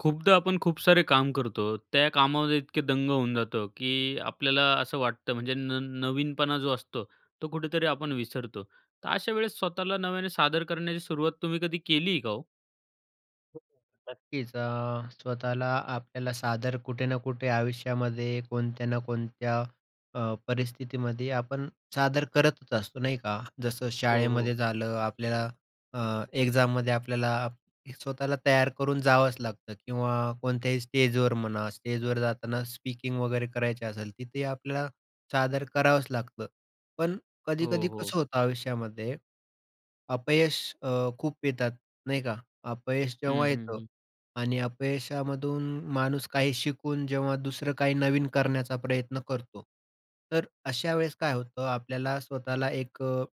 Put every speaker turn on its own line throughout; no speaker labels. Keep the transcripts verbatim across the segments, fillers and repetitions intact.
खूपदा आपण खूप सारे काम करतो, त्या कामामध्ये इतके दंग होऊन जातो, की आपल्याला असं वाटतं म्हणजे न नवीनपणा, जो असतो तो कुठेतरी आपण विसरतो. तर, अशा वेळेस स्वतःला नव्याने सादर करण्याची सुरुवात, तुम्ही कधी केली का हो?
[unintelligible] नक्कीच. अ, स्वतःला आपल्याला सादर कुठे ना कुठे आयुष्यामध्ये, कोणत्या ना कोणत्या अ, परिस्थितीमध्ये, आपण सादर करतच असतो. नाही का. जसं
हो, हो.
शाळेमध्ये झालं, आपल्या अ, एक्झाममध्ये आपल्याला स्वतःला तयार करून जावंच लागतं किंवा कोणत्याही स्टेजवर म्हणा, स्टेजवर जाताना स्पीकिंग वगैरे करायची असेल, तिथे आपल्याला सादर करावंच लागतं. पण
हो,
कधी-कधी
हो.
कसं होतं आयुष्यामध्ये, अपयश अ, खूप येतात नाही का. अपयश
हं,
जेव्हा
हं,
येतं
हं.
आणि अपयशामधून माणूस काही शिकून जेव्हा दुसरं काही नवीन करण्याचा प्रयत्न करतो, तर अशा वेळेस काय होतं, आपल्याला स्वतःला एक अ,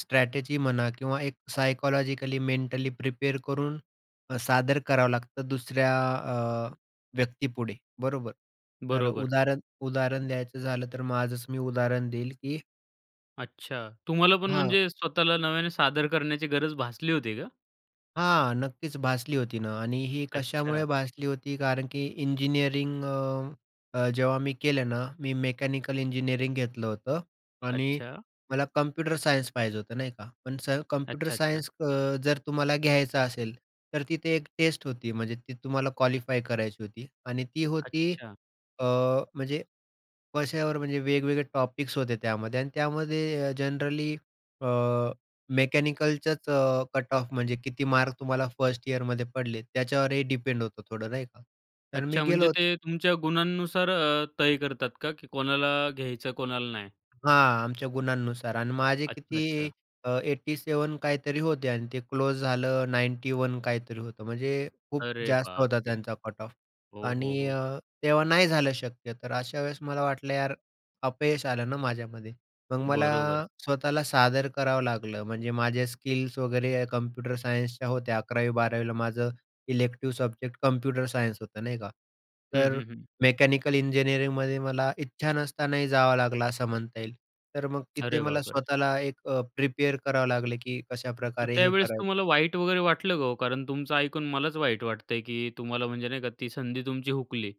स्ट्रॅटेजी म्हणा किंवा एक सायकॉलॉजिकली, मेंटली प्रिपेअर करून अ, सादर करावं लागतं दुसऱ्या अ, व्यक्तीपुढे, बरोबर. तर
बरोबर.
उदाहरण उदाहरण द्यायचं झालं, तर माझंच मी उदाहरण देईन की
अच्छा. तुम्हाला पण
हां.
म्हणजे स्वतःला नव्याने सादर करण्याची गरज भासली होती का?
हां, नक्कीच भासली होती ना आणि ही
अच्छा.
कशामुळे भासली होती कारण की इंजिनिअरिंग अ, अ, जेव्हा मी केलं ना, मी मेकॅनिकल इंजिनिअरिंग घेतलं होतं आणि
अच्छा.
मला कम्प्युटर सायन्स पाहिजे होतं, नाही का. पण स कम्प्युटर
अच्छा, अच्छा.
सायन्स अ, जर तुम्हाला घ्यायचा असेल, तर तिथे एक टेस्ट होती म्हणजे ती तुम्हाला क्वालिफाय करायची होती आणि ती होती,
अच्छा.
अ, म्हणजे कश्यावर म्हणजे वेगवेगळे टॉपिक्स होते त्यामध्ये आणि त्यामध्ये अ, जनरली अ, मेकॅनिकलचाच अ, कट ऑफ म्हणजे किती मार्क तुम्हाला फर्स्ट ईयरमध्ये पडलेत? त्याच्यावर हे डिपेंड होतं थोडं नाही का. कारण मी
अच्छा,
गेलो
म्हणजे
होतो
ते तुमच्या गुणांनुसार अ, तय करतात का की कोणाला घ्यायचं कोणाला नाही?
हां, आमच्या गुणांनुसार आणि माझे
अच्छा,
किती
अच्छा.
अ, एट्टी सेवन काहीतरी होते आणि ते क्लोज झालं नाईन्टी वन काहीतरी होतं. म्हणजे खूप
अरे
जास्त होता
बापरे!
त्यांचा कट ऑफ
हो, हो,
आणि
हो.
अ, तेव्हा नाही झालं शक्य. तर अशा वेळेस मला वाटलं, यार अपयश आलं ना माझ्यामध्ये. मग मला
बरोबर.
स्वतःला सादर करावं लागलं. म्हणजे माझ्या स्किल्स वगैरे कम्प्युटर सायन्सच्या होत्या. अकरावी-बारावीला माझं इलेक्टिव्ह सब्जेक्ट कम्प्युटर सायन्स होतं नाही का,
हं,
तर
हं, हं.
मेकॅनिकल इंजिनिअरिंगमध्ये मला इच्छा नसतानाही जावं लागलं असं म्हणता येईल. तर मग तिथे
अरे
मला
बापरे!
स्वतःला एक अ, प्रिपेअर करावं लागलं, की
मग
कशाप्रकारे हे
त्यावेळेस
करायचं.
तुम्हाला वाईट वगैरे वाटलं का हो? कारण तुमचं ऐकून मलाच वाईट वाटतंय, की तुम्हाला म्हणजे नाही का ती संधी तुमची हुकली.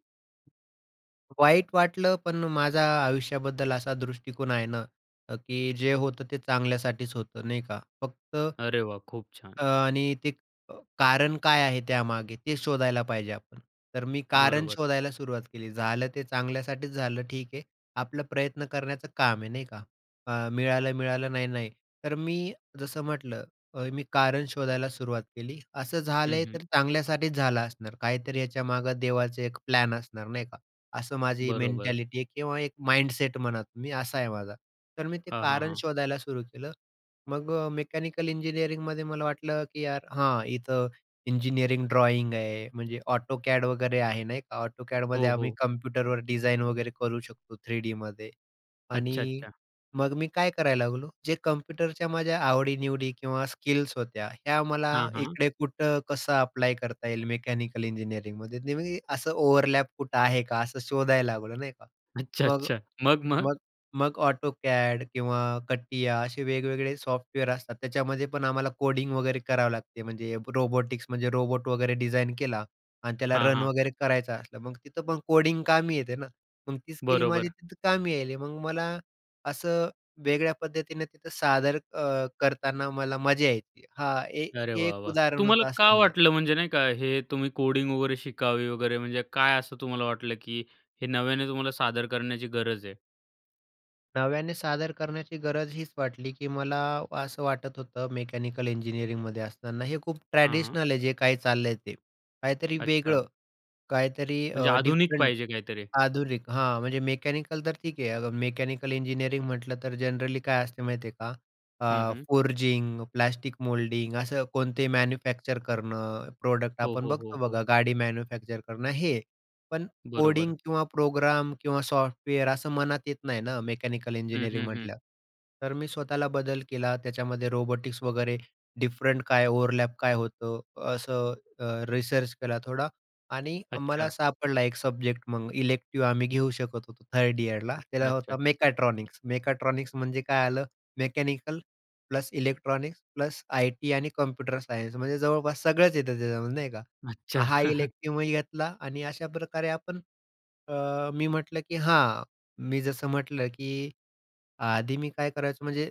वाईट वाटलं, पण माझा आयुष्याबद्दल असा दृष्टिकोन आहे ना अ, की जे होतं ते चांगल्यासाठीच होतं, नाही का? फक्त,
अरे वाह! खूप छान!
अ, आणि ते अ, कारण काय आहे त्यामागे, ते शोधायला पाहिजे आपण. तर मी कारण
बरोबर.
शोधायला सुरुवात केली. झालं ते चांगल्यासाठीच झालं ठीक आहे. आपला प्रयत्न करण्याचं काम आहे, नाही का? अ, मिळालंय-मिळालं नाही-नाही. तर मी जसं म्हटलं अ, मी कारण शोधायला सुरुवात केली. असं
हं,
झालंय तर
हं.
चांगल्यासाठीच झालं असणार. काहीतरी याच्यामागं देवाचे एक प्लॅन असणार, नाही का? असं माझी
बरोबर.
मेंटॅलिटी आहे किंवा एक माइंडसेट म्हणा तुम्ही असा आहे माझा. तर मी ते
हां, हां,
कारण
हां.
शोधायला सुरू केलं. मग अ, मेकॅनिकल इंजिनिअरिंगमध्ये मला वाटलं, की "यार, हां, इथं इंजिनिअरिंग ड्रॉइंग आहे, म्हणजे AutoCAD वगैरे आहे, नाही का? AutoCADमध्ये
हो,
आम्ही
हो.
कम्प्युटरवर डिझाईन वगैरे करू शकतो थ्रीडीमध्ये
अच्छा,
आणि
अच्छा.
मग मी काय करायला लागलो, जे कम्प्युटरच्या माझ्या आवडीनिवडी किंवा स्किल्स होत्या, ह्या मला
हां, हां.
इकडे कुठं कसं अप्लाय करता येईल मेकॅनिकल इंजिनिअरिंगमध्ये, नाही म्हणजे ते असं ओव्हरलॅप कुठं आहे का, असं शोधायला लागलो, नाही का?
अच्छा,
मग
अच्छा. मग? मग?
मग मग AutoCAD किंवा CATIA असे वेगवेगळे सॉफ्टवेअर असतात त्याच्यामध्ये पण आम्हाला कोडिंग वगैरे करावं लागते. म्हणजे रोबोटिक्स म्हणजे रोबोट वगैरे डिझाइन केला आणि त्याला
हां,
रन
हां.
वगैरे करायचं असलं, मग तिथं पण कोडिंग कामी येते ना. मग ती स्किल माझी
बरोबर.
तिथं कामी आली. मग मला असं वेगळ्या पद्धतीनं तिथं सादर अ, करताना मला मजा यायची. हा ए
अरे
एक
वाह, वाह!
उदाहरण
तुम्हाला
होतं
का
असं म्हणेल.
वाटलं म्हणजे, नाही का, हे तुम्ही कोडिंग वगैरे शिकावे वगैरे, म्हणजे काय असं तुम्हाला वाटलं, की हे नव्याने तुम्हाला सादर करण्याची गरज आहे?
नव्याने सादर करण्याची गरज हीच वाटली, की मला असं वाटत होतं मेकॅनिकल इंजिनिअरिंगमध्ये असताना, हे खूप
हां.
ट्रॅडिशनल आहे जे काही चाललंय ते. काहीतरी
अच्छा.
वेगळं, काहीतरी
म्हणजे
अ,
आधुनिक
डिफरंट,
पाहिजे काहीतरी.
आधुनिक हां म्हणजे मेकॅनिकल तर ठीक आहे, अ, मेकॅनिकल इंजिनिअरिंग म्हटलं तर जनरली काय असते माहिती आहे का?
हं,
अ,
हं.
फोरजिंग, प्लास्टिक मोल्डिंग, असं कोणते मॅन्युफॅक्चर करणं, प्रॉडक्ट
हो,
आपण
हो,
बघतो
हो, हो.
बघा गाडी मॅन्युफॅक्चर करणं, हे. पण कोडिंग
बरोबर.
किंवा प्रोग्राम किंवा सॉफ्टवेअर असं मनात येत नाही ना, मेकॅनिकल
हं,
इंजिनिअरिंग
हं, हं.
म्हटल्यावर. तर मी स्वतःला बदल केला, त्याच्यामध्ये रोबोटिक्स वगैरे, डिफरंट काय ओव्हरलॅप काय होतो असं अ, रिसर्च केला थोडा आणि मला
अच्छा.
सापडला एक सब्जेक्ट मग. इलेक्टिव आम्ही घेऊ शकत होतो थर्ड इअरला.
अच्छा,
त्याला होता
अच्छा.
मेकॅट्रॉनिक्स. मेकाट्रॉनिक्स म्हणजे काय आलं, mechanical plus electronics plus IT आणि कॉम्प्युटर सायन्स. म्हणजे जवळपास सगळंच येतं त्याच्यामध्ये, नाही का?
अच्छा.
हा इलेक्टिवही घेतला आणि अशाप्रकारे आपण अ, मी म्हटलं, की हां मी जसं म्हटलं, की आधी मी काय करायचो म्हणजे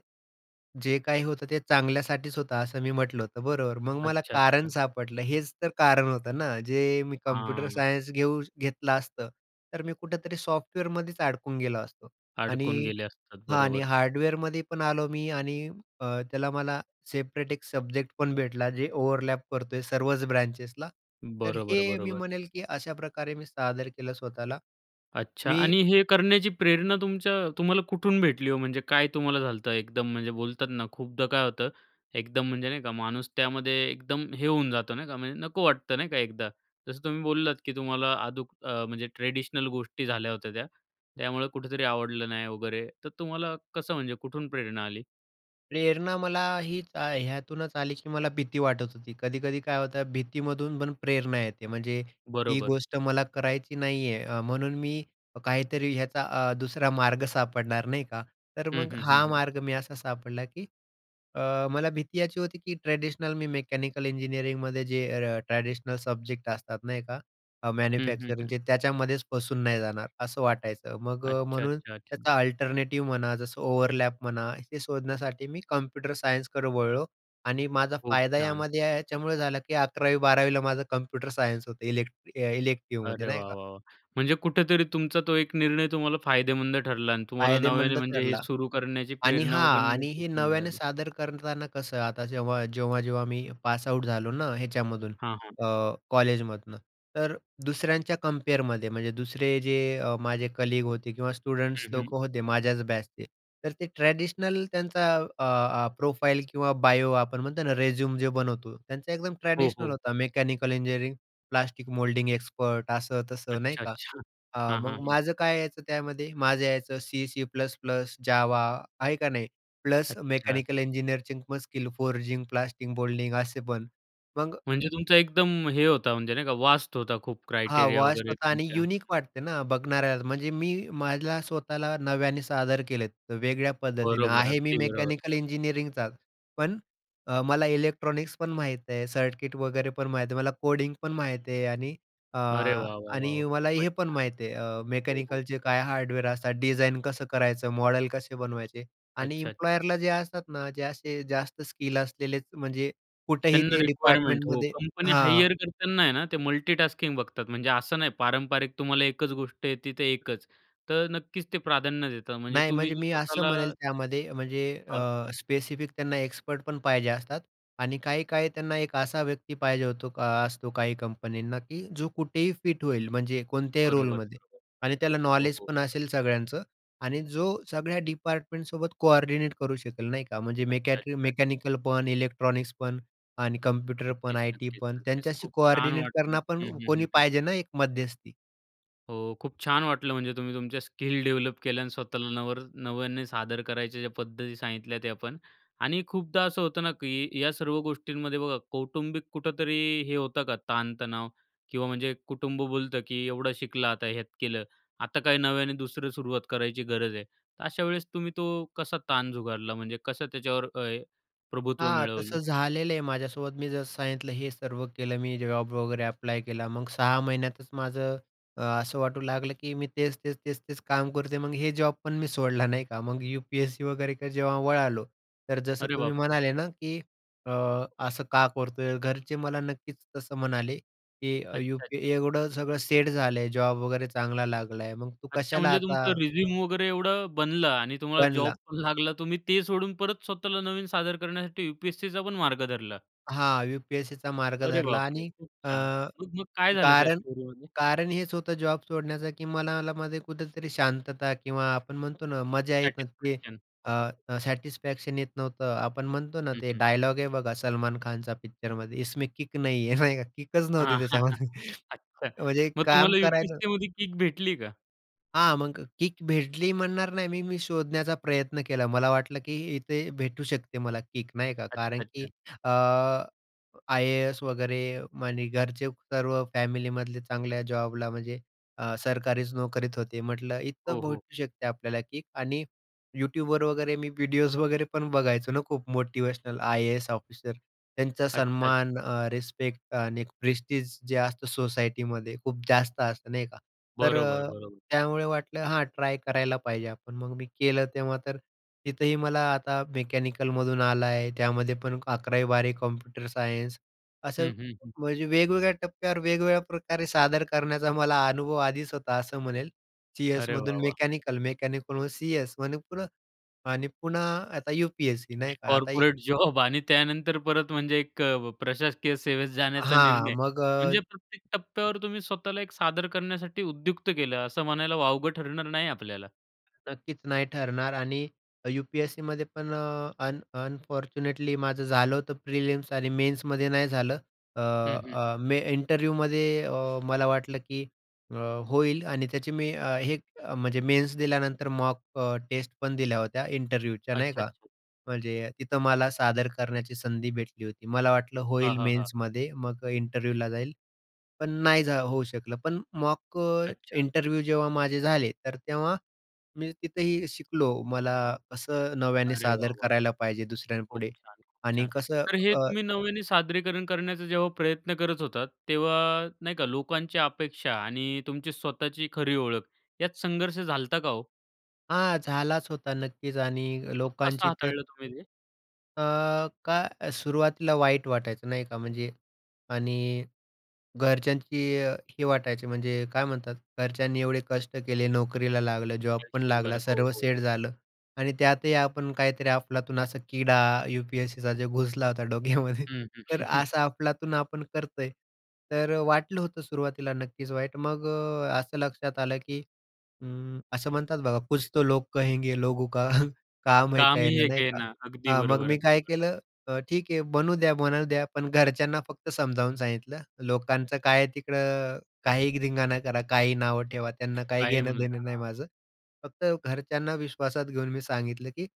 जे काही होतं ते चांगल्यासाठीच होतं, असं मी म्हटलं होतं, बरोबर? मग मला
अच्छा.
कारण
अच्छा.
सापडलं. हेच तर कारण होतं ना. जे मी कम्प्युटर
हां.
सायन्स घेऊ घेतलं असतं, तर मी कुठेतरी सॉफ्टवेअरमध्येच अडकून गेलो असतो.
अडकून
आणि
गेले असतात.
हां आणि
बरोबर.
हार्डवेअरमध्ये पण आलो मी आणि अ, त्याला मला सेपरेट एक सब्जेक्ट पण भेटला, जे ओव्हरलॅप करतोय सर्वच ब्रांचेसला. तर
बरोबर,
हे मी
बरोबर.
म्हणेल, की अशाप्रकारे मी सादर केलं स्वतःला.
अच्छा
मी
आणि हे करण्याची प्रेरणा तुमच्या तुम्हाला कुठून भेटली हो? म्हणजे काय तुम्हाला झालतं एकदम म्हणजे बोलतात ना, खूपदा काय होतं, एकदम म्हणजे नाही का, माणूस त्यामध्ये एकदम हे होऊन जातो नाही का; म्हणजे नको वाटतं नाही का एकदा. जसं तुम्ही बोललात, की तुम्हाला अदूक म्हणजे ट्रेडिशनल गोष्टी झाल्या होत्या त्या. त्यामुळं कुठेतरी आवडलं नाही वगैरे. तर तुम्हाला कसं म्हणजे कुठून प्रेरणा आली?
प्रेरणा मला, हीच अ, ह्यातूनच आली, की मला भीती वाटत होती, कधी-कधी काय होतं भीतीमधून पण प्रेरणा येते, म्हणजे ही
बरोबर.
गोष्ट मला करायची नाही आहे, अ, म्हणून मी काहीतरी याचा अ, दुसरा मार्ग सापडणार, नाही का. तर
हं,
मग
हं, हं,
हा
हं.
मार्ग मी असा सापडला, की अ, मला भीती याची होती, की ट्रॅडिशनल मी मेकॅनिकल इंजिनिअरिंगमध्ये जे अ, ट्रॅडिशनल सब्जेक्ट असतात, नाही का?
हं, हं, हं.
मॅन्युफॅक्चरिंगचे त्याच्यामध्येच फसून नाही जाणार असं वाटायचं, मग अ,
अच्छा,
म्हणून
अच्छा, अच्छा.
त्याचा अल्टरनेटिव्ह म्हणा, जसं ओव्हरलॅप म्हणा, हे शोधण्यासाठी मी कम्प्युटर सायन्सकडं वळलो. आणि माझा
खूप
फायदा
छान.
यामध्ये याच्यामुळे झाला, की अकरावी बारावी ला माझं कम्प्युटर सायन्स होतं, इलेक्ट अ, इलेक्टिव्हमध्ये
अरे
नाही
वाह,
का.
वाह, वाह! म्हणजे कुठेतरी तुमचा तो एक निर्णय तुम्हाला फायदेमंद ठरला आणि तुम्हाला नव्याने
फायदेमंद
म्हणजे हे
ठरला.
सुरू करण्याची
आणि
प्रेरणा
हां.
पण
आणि हे
तिथून
नव्याने
मिळाली.
सादर करताना कसं आता जेव्हा जेव्हा-जेव्हा मी पासआऊट झालो ना ह्याच्यामधून
हां, हां.
अ, कॉलेजमधनं, तर दुसऱ्यांच्या कम्पेअरमध्ये, म्हणजे दुसरे जे अ, माझे कलीग होते किंवा स्टुडंट्स
हं, हं.
लोकं होते माझ्याच बॅचचे. तर ते ट्रॅडिशनल, त्यांचा अ, अ, प्रोफाईल किंवा बायो आपण म्हणतो ना, रेझ्युमे जे बनवतो त्यांचा एकदम
हो,
ट्रॅडिशनल
हो.
होता. Mechanical engineering, plastic moulding expert असं-तसं. नाही
अच्छा,
का.
अच्छा.
अ,
हां, हां,
मग
हं.
माझं काय यायचं त्यामध्ये, माझं यायचं सी, सी-प्लस-प्लस, जावा आहे का नाही. प्लस
अच्छा.
मेकॅनिकल इंजिनियरचे must skill, forging, plastic moulding असे पण. मग
म्हणजे तुमचा एकदम हे होता म्हणजे नाही का, व्हास्ट होता खूप
हां,
क्रायटेरिया
व्हास्ट
वगैरे,
होता आणि
त्यांच्या
युनिक वाटते ना बघणाऱ्याला, म्हणजे मी मला स्वतःला नव्याने सादर केलेत वेगळ्या पद्धतीनं.
बरोबर,
आहे मी
अगदी बरोबर.
मेकॅनिकल इंजिनिअरिंगचाच, पण अ, मला इलेक्ट्रॉनिक्स पण माहीत आहे, सर्किट वगैरे पण माहीत आहे, मला कोडिंग पण माहीत आहे आणि अ,
अरे वाह, वाह, वाह, वाह!
आणि मला
खूपच
हे पण
छान.
माहीत आहे, अ,
हो, हो.
मेकॅनिकलचे काय हार्डवेअर असतात, डिझाईन कसं करायचं, मॉडेल कसे बनवायचे. आणि
अच्छा-अच्छा.
इम्प्लॉयरला जे असतात ना, जे असे जास्त स्किल असलेलेच म्हणजे कुठेही
त्यांना
ते
रिक्वायरमेंट हो.
डिपार्टमेंटमध्ये
कंपनी
हां.
हायर करताना आहे ना, ते मल्टिटास्किंग बघतात. म्हणजे असं नाही पारंपारिक तुम्हाला एकच गोष्ट येते तर एकच. तर नक्कीच ते प्राधान्य देतात. म्हणजे
नाही,
तुम्ही
म्हणजे
जे
मी असं
स्वतःला
म्हणेल त्यामध्ये म्हणजे
हां.
अ, स्पेसिफिक त्यांना एक्सपर्ट पण पाहिजे असतात आणि काही-काही त्यांना एक असा व्यक्ती पाहिजे होतो अ, असतो काही कंपनींना, की जो कुठेही फिट होईल म्हणजे कोणत्याही
बरोबर,
रोलमध्ये
बरोबर.
आणि त्याला
हो,
नॉलेज
हो.
पण असेल सगळ्यांचं आणि जो सगळ्या डिपार्टमेंटसोबत कोऑर्डिनेट करू शकेल, नाही का. म्हणजे
अच्छा,
मेकॅट्री
अच्छा, अच
मेकॅनिकल पण, इलेक्ट्रॉनिक्स पण आणि कम्प्युटर पण,
नक्कीच,
आय-टी
नक्कीच,
पण,
नक्कीच.
त्यांच्याशी
खूप छान
कोऑर्डिनेट
वाटलं.
करणं पण
हं, हं,
कोणी
हं, हं.
पाहिजे ना एक मध्यस्थी.
हो, खूप छान वाटलं. म्हणजे तुम्ही तुमच्या स्किल डेव्हलप केल्या अन् स्वतःला नवर नव्याने सादर करायच्या ज्या पद्धती सांगितल्या त्या पण. आणि खूपदा असं होतं ना, की या सर्व गोष्टींमध्ये बघा, कौटुंबिक कुठेतरी हे होतं का ताणतणाव किंवा म्हणजे कुटुंब बोलतं, की एवढं शिकलं आता हे यात केलं, आता काही नव्याने दुसरी सुरुवात करायची गरज आहे? तर अशा वेळेस तुम्ही तो कसा ताण झुगारला, म्हणजे कसं त्याच्यावर अ, प्रभुत्व
हां,
मिळवलं?
तसं झालेलं आहे माझ्यासोबत. मी जसं सांगितलं हे सर्व केलं, मी जॉब वगैरे अप्लाय केला. मग सहा महिन्यातच माझं अ, असं वाटू लागलं, की मी तेच-तेच, तेच-तेच काम करतोय, मग हे जॉब पण मी सोडला, नाही का? मग यू-पी-एस-सीकडे वगैरे किंवा जेव्हा वळालो, तर जसं
अरे
तुम्ही
बापरे!
म्हणाले ना, की अ, असं का करतोय? घरचे मला नक्कीच तसं म्हणाले, की
अच्छा,
यूपी
अच्छा.
एवढं सगळं सेट झालं, जॉब वगैरे चांगला लागलाय मग तू
अच्छा
कशाला
म्हणजे तुमचं
आता
रिझ्यूम वगैरे एवढं बनलं आणि तुम्हाला जॉब
बनला.
पण लागला तुम्ही ते सोडून परत स्वतःला नवीन सादर करण्यासाठी यू-पी-एस-सीचा पण मार्ग धरला
हां, यू-पी-एस-सीचा मार्ग
अरे
धरला
बापरे!
आणि
खूप
अ,
छान. मग-मग काय झालं त्या
कारण
स्टोरीमध्ये?
कारण हेच होतं जॉब सोडण्याचं, की मनाला मध्ये कुठेतरी शांतता किंवा आपण म्हणतो ना मजा येत नव्हती,
सॅटिस्फॅक्शन.
अ, सॅटिस्फॅक्शन येत नव्हतं. आपण म्हणतो ना,
हं,
ते
हं.
डायलॉग हे बघा सलमान खानचा पिक्चरमध्ये इसमें किक नाही है, नाही का? किकच नव्हती
हां
त्याच्यामध्ये
अच्छा
म्हणजे
मग
काम
तुम्हाला
करायलो
यू-पी-एस-सीमध्ये किक भेटली का?
हां, मग किक भेटली म्हणणार नाही मी. मी शोधण्याचा प्रयत्न केला. मला वाटलं, की इथे भेटू शकते मला किक नाही का कारण की
अच्छा-अच्छा.
अ, आय-ए-एस वगैरे आणि घरचे सर्व फॅमिलीमधले चांगल्या जॉबला म्हणजे अ, सरकारीच नोकरीत होते. म्हटलं
हो,
इथं
हो.
भेटू शकते आपल्याला किक आणि YouTubeवर वगैरे मी व्हिडिओज वगैरे पण बघायचो ना, खूप मोटिवेशनल. IAS officer. त्यांचा
अच्छा-अच्छा.
सन्मान, अ, रिस्पेक्ट आणि प्रेस्टीज जे असतं सोसायटीमध्ये खूप जास्त असतं नाही का. तर
बरोबर,
अ,
बरोबर.
त्यामुळे वाटलं हां, ट्राय करायला पाहिजे आपण. मग मी केलं. तेव्हा तर तिथंही मला आता मेकॅनिकलमधून आला आहे. त्यामध्ये पण अकरावी बारावी कॉम्प्युटर सायन्स. असं
हं, हं, हं.
म्हणजे वेगवेगळ्या टप्प्यावर वेगवेगळ्याप्रकारे सादर करण्याचा मला अनुभव आधीच होता, असं म्हणेल.
अरे
सी-एसमधून
वाह, वाह!
मेकॅनिकल, मेकॅनिकल सी-एस आणि पुन्हा आणि पुन्हा आता यू-पी-एस-सी,
एक
नाही का. आता एक
कॉर्पोरेट जॉब आणि त्यानंतर परत म्हणजे एक अ, प्रशासकीय सेवेत जाण्याचा
हां,
निर्णय.
मग
म्हणजे
अ
प्रत्येक टप्प्यावर तुम्ही स्वतःला एक सादर करण्यासाठी उद्युक्त केलं असं म्हणायला वावगं ठरणार नाही आपल्याला.
नक्कीच नाही ठरणार आणि यू-पी-एस-सीमध्ये पण अ, अन अनफॉर्च्युनेटली माझं झालं होतं प्रिलिम्स आणि मेन्समध्ये नाही झालं. अ,
हं, हं, हं.
अ, मी इंटरव्ह्यूमध्ये अ, मला वाटलं, की अ, होईल आणि त्याची मी अ, हे म्हणजे मेन्स दिल्यानंतर मॉक अ, टेस्ट पण दिल्या होत्या इंटरव्ह्यूच्या नाही
अच्छा,
का?
अच्छा.
म्हणजे तिथं मला सादर करण्याची संधी भेटली होती. मला वाटलं
हां,
होईल
हां, हां, हां.
मेन्समध्ये, मग इंटरव्ह्यूला जाईल, पण नाही जा होऊ शकलं. पण मॉक अ,
अच्छा.
इंटरव्ह्यू जेव्हा माझे झाले तर तेव्हा मी तिथंही शिकलो. मला कसं नव्याने
अरे
सादर
वाह वाह!
करायला पाहिजे
खूप
दुसऱ्यांपुढे
छान, खूप
आणि
छान.
कसं
तर हे
अ
तुम्ही नव्याने सादरीकरण करण्याचा जेव्हा प्रयत्न करत होतात तेव्हा नाही का लोकांची अपेक्षा आणि तुमची स्वतःची खरी ओळख यात संघर्ष झाला होता का हो?
हां, झालाच होता नक्कीच आणि
मग कसं
लोकांची तर
हाताळलं तुम्ही ते?
अ, काय सुरुवातीला वाईट वाटायचं नाही का? म्हणजे आणि घरच्यांची ही वाटायची म्हणजे काय म्हणतात घरच्यांनी एवढे कष्ट केले, नोकरीला लागलं, जॉब पण
आयुष्यभर,
लागला,
हो,
सर्व
हो.
सेट झालं आणि त्यातही आपण काहीतरी अफलातून असा किडा यू-पी-एस-सीचा जो घुसला होता डोक्यामध्ये.
हं, हं.
तर असं अफलातून आपण करतोय. तर वाटलं होतं सुरुवातीला नक्कीच वाईट. मग अ, असं लक्षात आलं, की हं असं म्हणतात बघा कुछ तो लोग कहेंगे लोगों का काम है
काम ही
कहना
एक
नाही
आहे
का?
ना. अगदी
हा मग
बरोबर,
मी
अगदी
काय
बरोबर.
केलं ठीक आहे म्हणू द्या, म्हणू द्या. पण घरच्यांना फक्त समजावून सांगितलं. लोकांचं काय आहे तिकडं काही धिंगाणा करा काही नावं ठेवा त्यांना काही
काही
घेणं
म्हणता,
देणं नाही
हां.
माझं. फक्त घरच्यांना विश्वासात घेऊन मी सांगितलं, की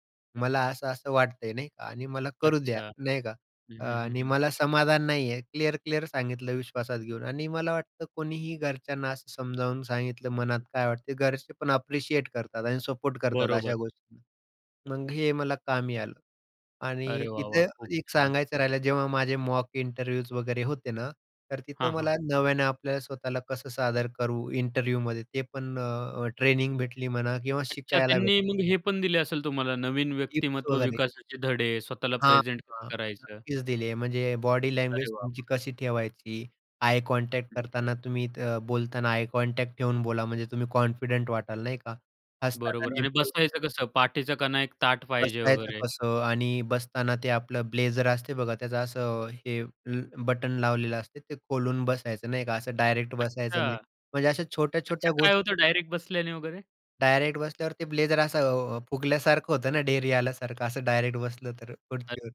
मला असं-असं वाटतंय नाही का? आणि मला करू द्या
अच्छा,
नाही का?
हं,
अ,
हं, हं,
आणि
हं.
मला समाधान नाही आहे. क्लिअर-क्लिअर सांगितलं विश्वासात घेऊन आणि मला वाटतं कोणीही घरच्यांना असं समजावून सांगितलं मनात काय वाटते? घरचे पण ॲप्रिशिएट करतात आणि सपोर्ट करतात
बरोबर.
अशा गोष्टींना. मग हे मला कामी आलं आणि
अरे वाह, वाह,
तिथं
खूप
एक
छान!
सांगायचं राहिलं जेव्हा माझे मॉक इंटरव्ह्यूज वगैरे होते ना तर तिथं
हां, हां.
मला नव्यानं आपल्याला स्वतःला कसं सादर करू इंटरव्ह्यूमध्ये. ते पण अ, ट्रेनिंग भेटली म्हणा किंवा
अच्छा,
शिकायला
त्यांनी
भेटलं.
मग हे पण दिले असेल तुम्हाला नवीन
टिप्स
व्यक्तिमत्व
वगैरे.
विकासाचे धडे, स्वतःला
हां,
प्रेझेंट कसं
हां,
करायचं?
नक्कीच दिले आहे. म्हणजे बॉडी लँग्वेज
अरे वाह वाह!
तुमची कशी ठेवायची. आय कॉन्टॅक्ट करताना तुम्ही त बोलताना आय कॉन्टॅक्ट ठेवून बोला. म्हणजे तुम्ही कॉन्फिडंट वाटाल नाही का? हसताना
बरोबर आणि
नेमकं
बसायचं कसं? पाठीचा कणा एक ताठ पाहिजे
बसायचं
वगैरे.
कसं? आणि बसताना ते आपलं ब्लेझर असते बघा त्याचं असं हे ल बटन लावलेलं असते. ते खोलून बसायचं, नाही का? असं डायरेक्ट बसायचं नाही.
अच्छा.
म्हणजे अशा
अच्छा,
छोट्या-छोट्या
काय होतं
गोष्टी
डायरेक्ट बसल्याने वगैरे?
डायरेक्ट बसल्यावर ते ब्लेझर असं अ, फुगल्यासारखं होतं ना, ढेरी आल्यासारखं असं डायरेक्ट बसलं तर
अ
खुर्चीवर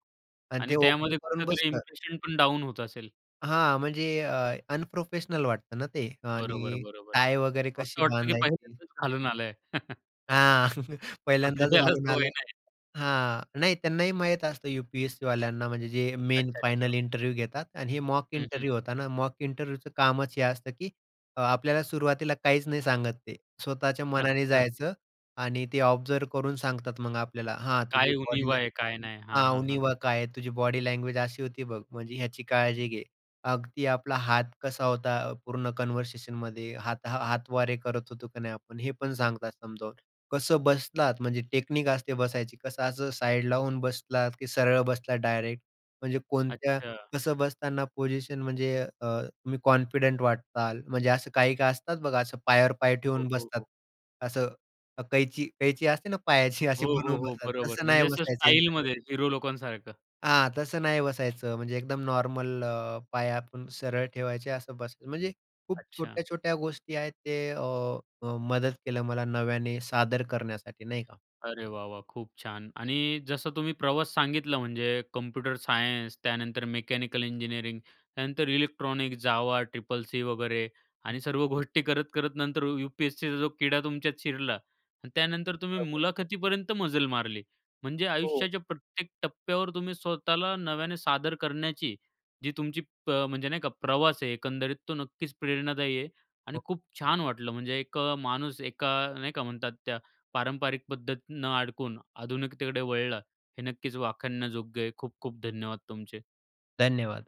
आणि
आणि
ते ओपन
त्यामध्ये
करून
कुठेतरी
बसलं
इम्प्रेशनपण डाउन होत असेल.
हां. म्हणजे अ, अनप्रोफेशनल वाटतं ना ते आणि
बरोबर, बरोबर.
टाय वगैरे कशी
असं वाटतं की
बांधायची?
पहिल्यादांच घालून आलंय.
हां.
म्हणजे
पहिल्यांदाच
ज्याला
घालून
सवय
आलाय
नाही.
हां, नाही. त्यांनाही माहीत असतं, यू-पी-एस-सी वाल्यांना. म्हणजे जे मेन
अच्छा, अच्छा,
फायनल
ओके.
इंटरव्ह्यू घेतात. आणि हे मॉक
हं,
इंटरव्ह्यू
हं.
होता ना, मॉक इंटरव्ह्यूचं कामच हे असतं, की आपल्याला सुरुवातीला काहीच नाही सांगत. ते स्वतःच्या मनाने
अच्छा.
जायचं. आणि ते ऑब्झर्व्ह करून सांगतात मग आपल्याला. हां, तुझी
काय
बॉडी लॅ
उणिवा काय नाही? हां,
हा,
हां, हां.
उणिवा काय आहे. तुझी बॉडी लँग्वेज अशी होती. बघ, म्हणजे ह्याची काळजी घे. अगदी आपला हात कसा होता, पूर्ण कन्व्हर्सेशनमध्ये हाता हातवारे करत होतो की नाही आपण, हे पण सांगतात समजावून. कसं बसलात, म्हणजे टेक्निक असते बसायची. कसं असं साइड लावून बसलात की सरळ बसलात, डायरेक्ट? म्हणजे कोणत्या
अच्छा.
कसं बसताना पोजिशन म्हणजे अ, तुम्ही कॉन्फिडंट वाटताल. म्हणजे असं काही काही असतात. बघा, असं पायावर पाय
हो,
ठेवून
हो,
बसतात,
हो.
असं अ, कैची कैची असते ना पायाची अशी
हो, हो,
बनवून
हो,
बसतात,
बरोबर.
तसं नाही
म्हणजे असं
बसायचं इंटरव्ह्यूला.
स्टाइलमध्ये हीरो लोकांसारखं?
हां, तसं नाही बसायचं. म्हणजे एकदम नॉर्मल अ, पाय आपण सरळ ठेवायचे असं बस म्हणजे खूप
अच्छा.
छोट्या-छोट्या गोष्टी आहेत. ते अ, मदत केलं मला नव्याने सादर करण्यासाठी नाही का.
अरे, वाह, वाह, खूप छान. आणि जसं तुम्ही प्रवास सांगितलं म्हणजे कम्प्युटर सायन्स, त्यानंतर मेकॅनिकल इंजिनिअरिंग, त्यानंतर इलेक्ट्रॉनिक, जावा, ट्रिपल सी वगैरे आणि सर्व गोष्टी करत-करत नंतर यू-पी-एस-सीचा जो किडा तुमच्यात शिरला आणि त्यानंतर तुम्ही
बरोबर.
मुलाखतीपर्यंत मजल मारली. म्हणजे
हो.
आयुष्याच्या प्रत्येक टप्प्यावर तुम्ही स्वतःला नव्याने सादर करण्याची जी तुमची प म्हणजे नाही का, प्रवास आहे एकंदरीत, तो नक्कीच प्रेरणादायी आहे आणि
हो.
खूप छान वाटलं. म्हणजे एक माणूस एका नाही का म्हणतात त्या पारंपरिक पद्धतीनं अडकून आधुनिकतेकडे वळला, हे नक्कीच वाखाणण्याजोग्य आहे. खूप-खूप धन्यवाद तुमचे.
धन्यवाद.